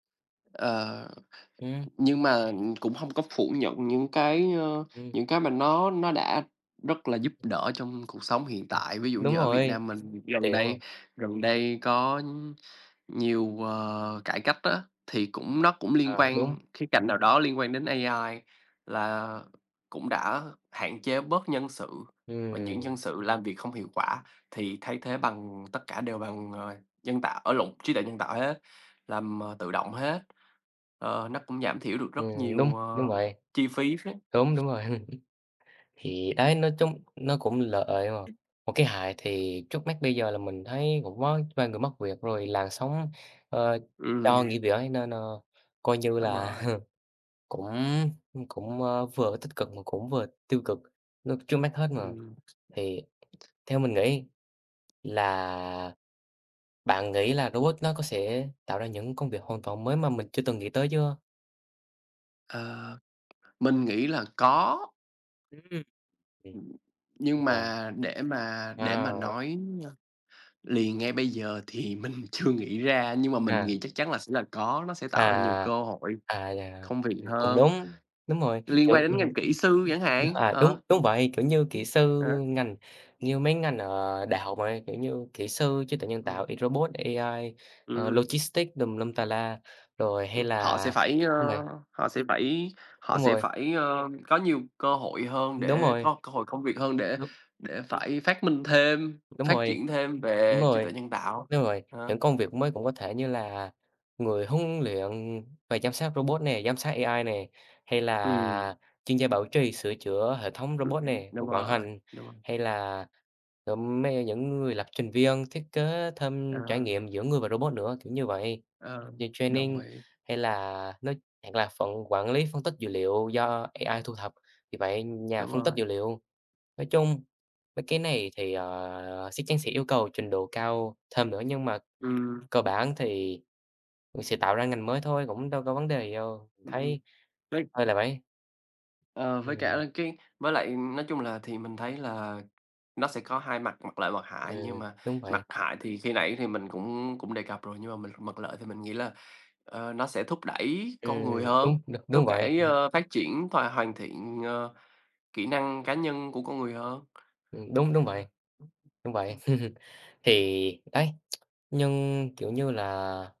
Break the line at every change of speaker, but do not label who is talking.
Ờ,
Ừm.
nhưng mà, ừm, cũng hông có phủ nhận những cái, ờ,
Ừm.
những cái mà nó nó đã rất là giúp đỡ trong cuộc sống hiện
Ừm.
tại. Ví dụ
Đúng
như ở Việt
rồi,
Nam mình gần
tiện đúng
đây
hông?
gần đây có nhiều, ờ, cải cách á, thì cũng nó cũng liên
Ờ, đúng.
quan khía cạnh nào đó liên quan đến AI, là cũng đã hạn chế bớt nhân sự. Và những
Ừm.
nhân sự làm việc không hiệu quả thì thay thế bằng tất cả đều bằng, ờ, nhân tạo ơ, lộn, trí tuệ nhân tạo hết, làm, ờ, tự động hết. Ờ, nó cũng giảm thiểu được rất
Ừm, đúng,
nhiều,
đúng
ờ,
vậy.
chi phí phết.
Đúng, đúng rồi. Thì đấy, nói chung nó cũng lợi mà. Một cái hại thì trước mắt bây giờ là mình thấy cũng có vài người mất việc, rồi làn sóng, ờ,
Ừm.
cho nghỉ việc ấy, nên, ờ, coi như
Đúng
là
rồi.
cũng, ưm, cũng, ờ, vừa tích cực mà cũng vừa tiêu cực, nó trước mắt hết mà.
Ừm.
Thì theo mình nghĩ là bạn nghĩ là robot nó có sẽ tạo ra những công việc hoàn toàn mới mà mình chưa từng nghĩ tới chưa?
Ờ, mình nghĩ là có. Ừm,
Ừm, ừm.
nhưng
Yeah.
mà để mà để mà
À!
nói, ơ, liền ngay bây giờ thì mình chưa nghĩ ra, nhưng mà mình
À.
nghĩ chắc chắn là sẽ là có, nó sẽ
À,
tạo ra nhiều cơ hội,
à, à, yeah.
công việc
Cũng
hơn,
đúng, đúng rồi,
liên
kiểu,
quan đến ngành kỹ sư chẳng
[unintelligible]
hạn,
à, đúng,
ờ.
đúng vậy, kiểu như kỹ sư,
Ờ.
ngành như mấy ngành ở đại học này, kiểu như, kỹ sư trí tuệ nhân tạo,
Ừm.
y robot, AI, ờ,
Ừm.
logistics tùm lum tà la, rồi hay
Ừm, họ
là
sẽ phải, ờ,
đúng vậy.
họ sẽ phải họ
Đúng
sẽ
rồi.
phải, ờ, có nhiều cơ hội hơn,
Đúng
để
rồi.
có cơ hội công việc hơn để
Đúng.
để phải phát minh thêm,
Đúng
phát
rồi,
triển thêm
đúng
về trí tuệ
rồi,
nhân tạo.
đúng vậy,
Ờ.
những công việc mới cũng có thể như là người huấn luyện và giám sát robot nè, giám sát AI nè, hay
Ừm.
là chuyên gia bảo trì, sửa chữa hệ thống
Đồng
robot
ý.
nè,
Đúng
vận
rồi,
hành,
đúng rồi.
hay là, ừm, mấy ấy những người lập trình viên, thiết kế thêm trải
À.
nghiệm giữa người và robot nữa, kiểu như vậy.
Ờ,
Như
đồng
training
ý.
hay là nói hoặc là phận quản lý phân tích dữ liệu do AI thu thập, vì vậy nhà
Đúng
phân tích
rồi.
dữ liệu. Nói chung mấy cái này thì, ờ, sắc chắn sẽ yêu cầu trình độ cao thêm nữa, nhưng mà
Ừm.
cơ bản thì vẫn sẽ tạo ra ngành mới thôi, cũng đâu có vấn đề gì đâu, mình
Ừm.
thấy
Với
hơi là [unintelligible]
Ờ, với cả
Ừm.
là cái với lại, nói chung là, thì mình thấy là nó sẽ có hai mặt, mặt lợi, mặt hại. Nhưng
Ừm,
mà
đúng vậy.
mặt hại thì khi nãy thì mình cũng cũng đề cập rồi, nhưng mà mình mặt lợi thì mình nghĩ là, ờ, nó sẽ thúc đẩy con người
Ừm,
hơn,
đúng, được
thúc
đúng vậy.
đẩy, ơ, phát triển thòa hoàn thiện, ờ, kỹ năng cá nhân của con người hơn.
Ừm, đúng, đúng
Ờ.
vậy, đúng vậy, thì đấy, nhưng, kiểu như là